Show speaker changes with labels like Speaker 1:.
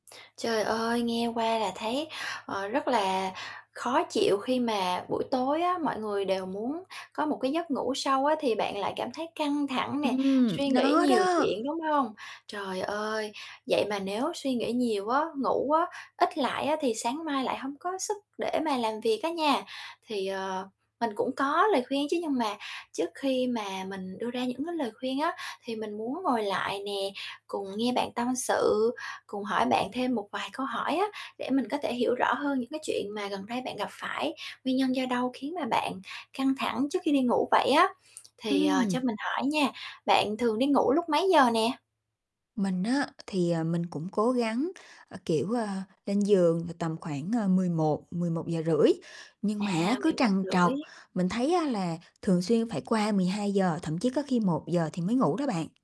Speaker 1: Trời ơi, nghe qua là thấy, ờ, rất là khó chịu khi mà buổi tối á, mọi người đều muốn có một cái giấc ngủ sâu á, thì bạn lại cảm thấy căng thẳng nè,
Speaker 2: Ừm,
Speaker 1: suy nghĩ
Speaker 2: nó
Speaker 1: nhiều
Speaker 2: đó.
Speaker 1: chuyện, đúng hông? Trời ơi, vậy mà nếu suy nghĩ nhiều á, ngủ á, ít lại á, thì sáng mai lại hông có sức để mà làm việc á nha. Thì, ờ, cũng có lời khuyên chứ, nhưng mà trước khi mà mình đưa ra những cái lời khuyên á, thì mình muốn ngồi lại nè, cùng nghe bạn tâm sự, cùng hỏi bạn thêm một vài câu hỏi á để mình có thể hiểu rõ hơn những cái chuyện mà gần đây bạn gặp phải, nguyên nhân do đâu khiến mà bạn căng thẳng trước khi đi ngủ vậy á. Thì, ờ,
Speaker 2: Ừm.
Speaker 1: cho mình hỏi nha, bạn thường đi ngủ lúc mấy giờ nè?
Speaker 2: Mình á, thì, ờ, mình cũng cố gắng, ơ, kiểu, ờ, lên giường là tầm khoảng, ờ, 11:00-11:30, nhưng mà á,
Speaker 1: À,
Speaker 2: cứ
Speaker 1: mười một
Speaker 2: trằn trọc,
Speaker 1: rưỡi.
Speaker 2: mình thấy á là thường xuyên phải qua 12:00, thậm chí có khi 1:00 thì mới ngủ đó bạn.